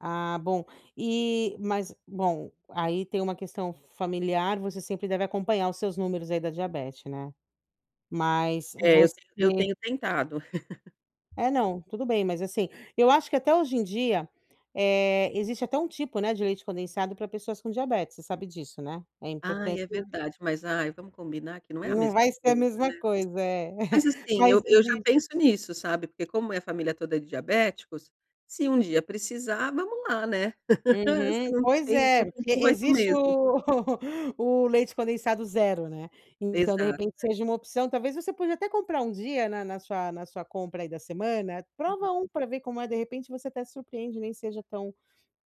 Ah, bom, eh, mas bom, aí tem um questão familiar, você sempre deve acompanhar os seus números aí da diabete né? Mas É, eu você te eu tenho tentado. Eh, não. Tudo bem, mas assim, eu acho que até hoje em dia, eh, existe até um tipo, né, de leite condensado pra pessoas com diabetes, você sabe disso né? É Ai, importante é verdade. Mas ai, vamos combinar que não é a Não mesma vai ser a coisa mesma né? coisa, é. Mas assim Mas eu eu já existe penso nisso, sabe, porque como a minha família toda é de diabéticos, se um dia precisar vamos lá né? Uhum. Se não Pois tem é, não tem porque tu, vai tu existe mesmo. o o leite condensado 0, né. Então de Exato, repente né. seja uma opção, talvez você pode até comprar um dia na na sua na sua compra aí da semana, Uhum. prova um pra ver como é, de repente, você até surpreende, nem seja tão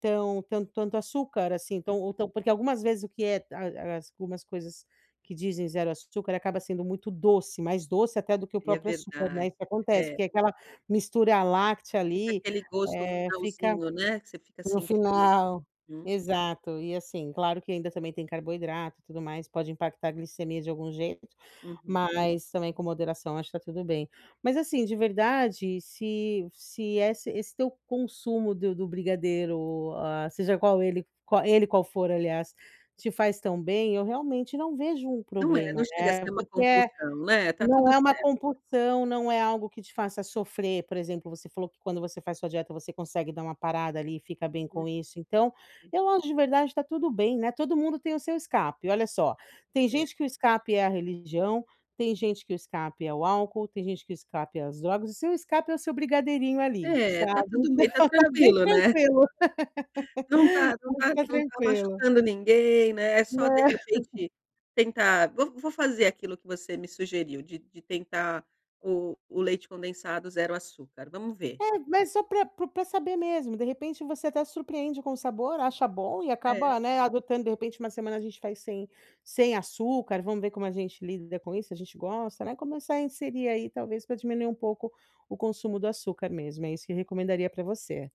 tão tant tanto açúcar assim, Hum. tão ou tão porque algumas vezes o que é a a algumas coisas que dizem 0 açúcar acaba sendo muito doce, mais doce até do que o É próprio açúcar, né, verdade, isso acontece, é. porque aquela mistura láctea Fica ali, aquele gosto eh, fica finalzinho, né, que você fica no sentindo né. final. Hum. Exato. E assim, claro que ainda também tem carboidrato e tudo mais, pode impactar a glicemia de algum jeito, Uhum. mas também, com moderação acho que tá tudo bem, mas assim, de verdade, se se é ess esse teu consumo do do brigadeiro o ó seja qual ele qua ele qual for, aliás, te faz tão bem eu, realmente não vejo um Não é, problema, não chega a né. ser uma Porque, eh, compulsão, né, tá não tudo é uma certo. compulsão, não é algo que te faça sofrer, por exemplo, você falou que quando você faz sua dieta você consegue dar uma parada ali e fica bem com isso, então eu acho de verdade, tá tudo bem, né, todo mundo tem o seu escape, olha só: tem É. gente que o escape é a religião, tem gente que o escape é o álcool, tem gente que escape é as drogas, o seu escape é o seu brigadeirinho ali, É, tá sabe, tudo bem, então está tá bem tranquilo né. tranquilo. Não tá não Pode tá ficar não tá tranquilo. machucando ninguém, né, só de Né? repente tentar vou vou fazer aquilo que você me sugeriu de de tentar o o leite condensado 0 açúcar, vamos ver. É, mas só pra pro pra saber mesmo. De repente você até se surpreende com o sabor, acha bom e É. acaba, né, adotando, de repente uma semana a gente faz sem sem açúcar, vamos ver como a gente lida com isso, se a gente gosta, né, começar a inserir aí talvez pra diminuir um pouco o consumo do açúcar mesmo. É isso que eu recomendaria pra você.